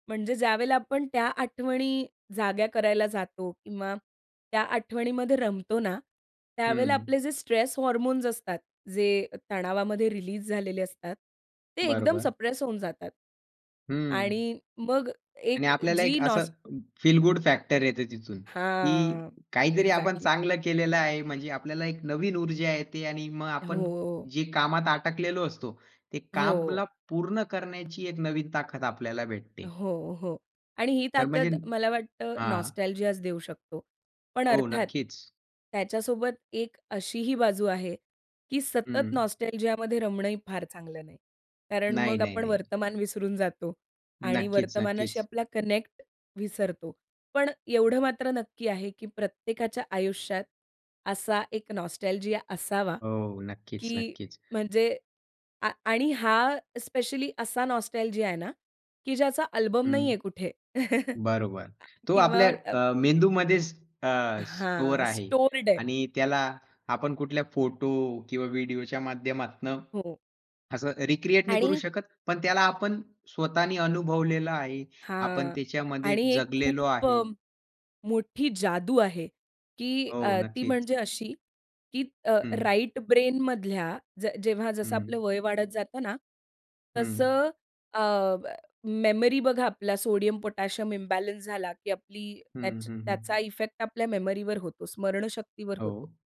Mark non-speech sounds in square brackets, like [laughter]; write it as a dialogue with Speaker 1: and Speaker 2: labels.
Speaker 1: म्हणजे ज्यावेळेला आपण त्या आठवणी जाग्या करायला जातो किंवा त्या आठवणीमध्ये रमतो ना, त्यावेळेला
Speaker 2: हं.
Speaker 1: आपले जे स्ट्रेस हार्मोन्स असतात जे तणावामध्ये रिलीज झालेले असतात, ते एकदम
Speaker 2: बरोबर.
Speaker 1: सप्रेस होऊन जातात
Speaker 2: हं.
Speaker 1: आणि मग
Speaker 2: आणि
Speaker 1: एक
Speaker 2: आपल्याला
Speaker 1: जी
Speaker 2: एक असं
Speaker 1: नॉस
Speaker 2: फील गुड फॅक्टर येते तिथून की
Speaker 1: हां,
Speaker 2: काहीतरी आपण
Speaker 1: एक्झॅक्टली.
Speaker 2: चांगलं केलेलं आहे. म्हणजे आपल्याला एक नवीन ऊर्जा येते आणि मग आपण
Speaker 1: हो.
Speaker 2: जे कामात अटकलेलो असतो, ते
Speaker 1: हो.
Speaker 2: कामला पूर्ण करण्याची एक नवीन ताकद आपल्याला भेटते.
Speaker 1: हो, हो आणि ही
Speaker 2: तर म्हणजे
Speaker 1: ताकद मला वाटतं
Speaker 2: हां.
Speaker 1: नॉस्टॅल्जिया देऊ शकतो. पण
Speaker 2: हो,
Speaker 1: अर्थात,
Speaker 2: नक्कीच.
Speaker 1: त्याच्यासोबत एक अशीही बाजू आहे की सतत
Speaker 2: हं.
Speaker 1: नॉस्टॅल्जियामध्ये रमणं ही फार चांगलं नाही, कारण
Speaker 2: नाही,
Speaker 1: मग
Speaker 2: नाही,
Speaker 1: आपण
Speaker 2: नाही.
Speaker 1: वर्तमान विसरून जातो आणि वर्तमानाशी
Speaker 2: नक्कीच-नक्कीच.
Speaker 1: आपला कनेक्ट विसरतो. पण एवढं मात्र नक्की आहे की प्रत्येकाच्या आयुष्यात असा एक नॉस्टॅल्जिया असावा
Speaker 2: हो,
Speaker 1: की
Speaker 2: नक्कीच-नक्कीच.
Speaker 1: म्हणजे आ आणि हा स्पेशली असा नॉस्टॅल्जिया आहे ना की ज्याचा अल्बम नाही
Speaker 2: हं,
Speaker 1: आहे कुठे. [chuckles]
Speaker 2: बरोबर. तो
Speaker 1: किंवा
Speaker 2: आपल्या
Speaker 1: अ
Speaker 2: अ, मेंदूमध्येच अ, स्टोअर
Speaker 1: हां,
Speaker 2: आहे
Speaker 1: स्टोअर्ड आहे.
Speaker 2: आणि त्याला आपण कुठल्या फोटो किंवा व्हिडिओच्या माध्यमातनं
Speaker 1: हो.
Speaker 2: असं रिक्रिएट नाही करू
Speaker 1: आणि
Speaker 2: शकत. पण त्याला आपण स्वतःनी अनुभवलेलं आहे. आपण
Speaker 1: हां
Speaker 2: त्याच्यामध्ये
Speaker 1: आणि एक
Speaker 2: जगलेलो
Speaker 1: खूप अ,
Speaker 2: आहे.
Speaker 1: मोठी जादू आहे की
Speaker 2: हो,
Speaker 1: अ, ती
Speaker 2: नक्कीच.
Speaker 1: म्हणजे अशी की अ,
Speaker 2: हं.
Speaker 1: राइट ब्रेनमधल्या ज जेव्हा जसं आपलं
Speaker 2: हं.
Speaker 1: वय वाढत जातं ना,
Speaker 2: हं.
Speaker 1: तसं अ, प मेमरी बघा आपल्याला सोडियम, पोटॅशियम इम्बॅलन्स झाला की आपली
Speaker 2: हं,
Speaker 1: त्याच
Speaker 2: हं,
Speaker 1: त्याचा
Speaker 2: हं.
Speaker 1: इफेक्ट आपल्या मेमरीवर होतो स्मरणशक्तीवर होतो.
Speaker 2: हो.